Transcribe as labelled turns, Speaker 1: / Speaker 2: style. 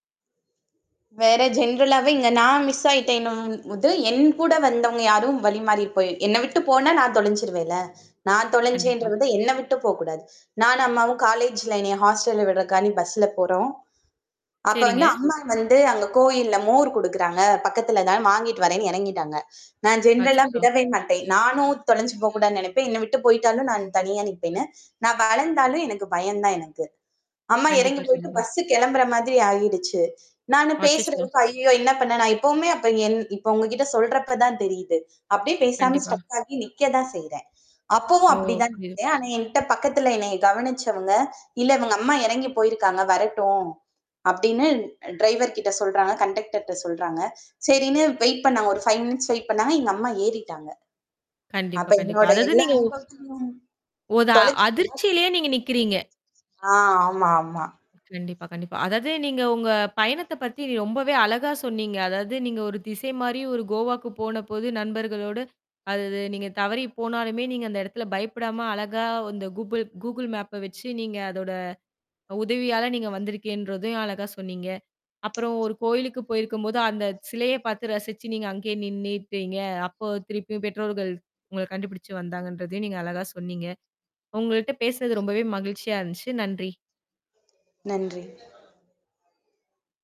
Speaker 1: வேற ஜெனரலாவே இங்க நான் மிஸ் ஆயிட்டேன்னோம்ன்னு போது, என் கூட வந்தவங்க யாரும் வழிமாறி போய் என்ன விட்டு போனா நான் தொலஞ்சுருவேன்ல. நான்
Speaker 2: கண்டிப்பா.
Speaker 1: தொலைஞ்சென்றது என்ன விட்டு போக்கூடாது. நானும் அம்மாவும் காலேஜ்ல என்னைய ஹாஸ்டல்ல விட்றதுகாண்டி பஸ்ல போறோம். அப்ப வந்து
Speaker 2: சரிங்க.
Speaker 1: அம்மா வந்து அங்க கோவில்ல மோர் குடுக்கிறாங்க. பக்கத்தில தான் வாங்கிட்டு வர்றேன்னு இறங்கிட்டாங்க. நான் ஜெனரல்லா
Speaker 2: அச்சச்சோ!
Speaker 1: விடவே மாட்டேன். நானும் தொலைஞ்சி போக்கூடாதுனு நினைப்பேன். என்ன விட்டு போயிட்டாலும் நான் தனியா நிப்பேண்ணு. நான் வளந்தாலும் எனக்கு பயம் தான் எனக்கு. அம்மா இறங்கி
Speaker 2: கண்டிப்பா.
Speaker 1: போயிட்டு
Speaker 2: கண்டிப்பா.
Speaker 1: பஸ் கிளம்புற மாதிரி ஆயிடுச்சு. நானு பேசுறது
Speaker 2: அச்சச்சோ!
Speaker 1: இப்ப "ஐய்யயோ! என்ன பண்ண? நான் இப்பவுமே அப்ப என்" இப்ப உங்ககிட்ட சொல்றப்ப தான் தெரியிது. அப்படியே பேசாம
Speaker 2: கண்டிப்பா.
Speaker 1: ஸ்ட்ரக் ஆகி நிக்கத்தான் செய்றேன். அப்பவும்
Speaker 2: ஓ!
Speaker 1: அப்படி தான்
Speaker 2: புரியுது.
Speaker 1: நிக்குறேன். ஆனா என்ட்ட பக்கத்தில என்னைய கவனிச்சவங்க, "இல்ல இவங்க அம்மா இறங்கிப் போயிருக்காங்க, வரட்டும்" அப்படின்னு டிரைவர்கிட்ட சொல்றாங்க, கண்டக்டர்ட்ட சொல்றாங்க. சரின்னு வெயிட் பண்ணாங்க. ஒரு 5 மினிட்ஸ் வெயிட் பண்னாங்க. எங்க அம்மா ஏறிட்டாங்க.
Speaker 2: கண்டிப்பா.
Speaker 1: அப்ப
Speaker 2: கண்டிப்பா.
Speaker 1: என்னுடைய
Speaker 2: அதாவது
Speaker 1: எல்லா
Speaker 2: நீங்க ஓ
Speaker 1: அனுபவத்திலும்
Speaker 2: ஓதா
Speaker 1: தொலைச்ச [unintelligible]
Speaker 2: அதிர்ச்சியிலேயே நீங்க நிக்கிறீங்க?
Speaker 1: அ, ஆமா, ஆமா.
Speaker 2: கண்டிப்பா. கண்டிப்பா. அதாவது நீங்க உங்க பயணத்த பத்தி ரொம்பவே அழகா சொன்னீங்க. அதாவது நீங்க ஒரு திசை மாரி ஒரு கோவாக்கு போனபோது நண்பர்களோடு அதது நீங்க தவறி போனாலுமே நீங்க அந்த இடத்துல பயப்படாம அழகா அந்த கூபுள் Google Mapப வச்சு நீங்க அதோட உதவியால நீங்க வந்திருக்கேன்றதையும் அழகா சொன்னீங்க. அப்புறம் ஒரு கோயிலுக்கு போயிருக்கும்போது அந்த சிலையை பார்த்து ரசிச்சு நீங்க அங்கேயே நின்னுட்டீங்க. அப்போ திருப்பியும் பெற்றோர்கள், உங்கள கண்டுபிடிச்சு வந்தாங்கன்றதையும் நீங்க அழகா சொன்னீங்க. உங்கள்ட்ட பேசுனது ரொம்பவே மகிழ்ச்சியா இருந்துச்சு. நன்றி!
Speaker 1: நன்றி.